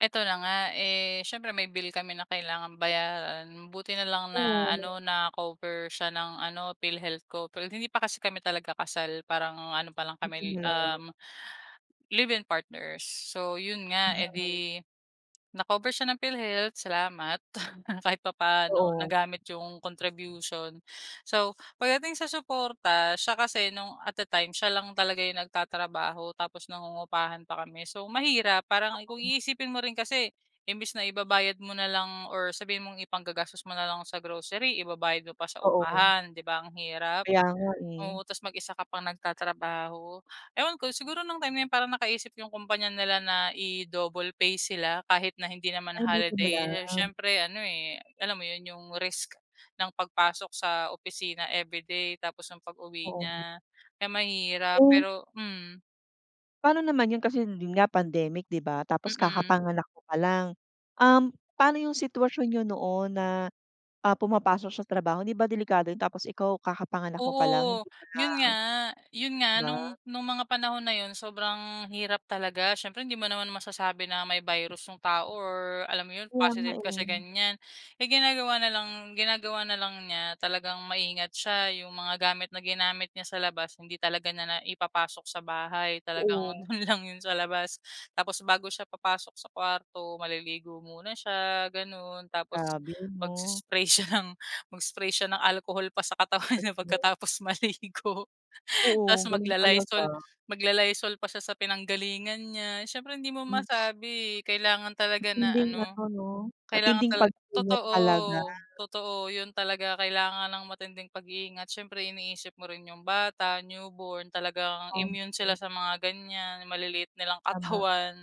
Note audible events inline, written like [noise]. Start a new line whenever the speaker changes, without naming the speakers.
Eto na nga eh, siyempre may bill kami na kailangang bayaran. Buti na lang na
Oo.
ano na cover siya ng ano Philhealth ko pero hindi pa kasi kami talaga kasal parang ano pa lang
Buti
kami
na lang.
um, live in partners. So yun nga, eh, 'di
Mm.
na-cover siya ng Philhealth salamat [chuckles] kahit papaano
Oo.
nagamit yung contribution. So pagdating sa suporta, siya kasi nung at the time siya lang talaga yung nagtatrabaho tapos nangungupahan pa kami so mahirap, parang kung
[unintelligible]
iisipin mo rin kasi, imbes na ibabayad mo na lang or sabihin mong ipang-gagastos mo nalang sa grocery ibabayad mo pa sa
Oo.
upahan di ba ang hirap?
Kaya nga eh.
Oo, tapos mag-isa ka pang nagtatrabaho. Ewan ko, siguro nung time na yun para nakaisip yung kumpanya nila na i-double pay sila kahit na hindi naman
Ay buti na
holiday
lang.
siyempre ano eh, alam mo yun, yung risk ng pag-pasok sa opisina everyday tapos ang pag-uwi
Oo.
niya kaya mahirap
Eh
pero mm.
Paano naman yun kasi yun nga pandemic di ba? Tapos
Mm.
kakapanganak mo palang, um, paano yung sitwasyon niyo noon na, ah, pumapasok siya sa trabaho hindi ba delikado yun? Tapos ikaw kakapanganak mo pa lang
Oo,
hindi ba na
yun nga yun
di
nga
ba?
nung nung mga panahon na yun sobrang hirap talaga siyempre hindi mo naman masasabi na may virus yung tao or alam mo yun
Kaya nga
positive ka sa
eh.
ganyan. Ay ginagawa nalang ginagawa nalang niya talagang maingat siya, yung mga gamit na ginamit niya sa labas hindi talaga niya na ipapasok sa bahay talagang
Oo.
dun lang yun sa labas tapos bago siya papasok sa kwarto, maliligo muna siya ganon tapos
Grabe ano?
magsi-spray siya ng mag-spray siya ng alcohol pa sa katawan niya
[unintelligible]
pagkatapos maligo
Oo,
tapos
ganon
magla-Lysol
talaga.
magla-Lysol pa siya sa pinanggalingan niya siyempre hindi mo
Mm.
masabi eh, kailangan talaga na
Matinding
ano,
ano 'no?
kailangan
Matinding
tala
pag-iingat
totoo
talaga.
totoo yun talaga kailangan ng matinding pagiingat syempre iniisip mo rin yung bata newborn, talagang immune
Okey.
sila sa mga ganyan maliliit nilang
Tama.
katawan.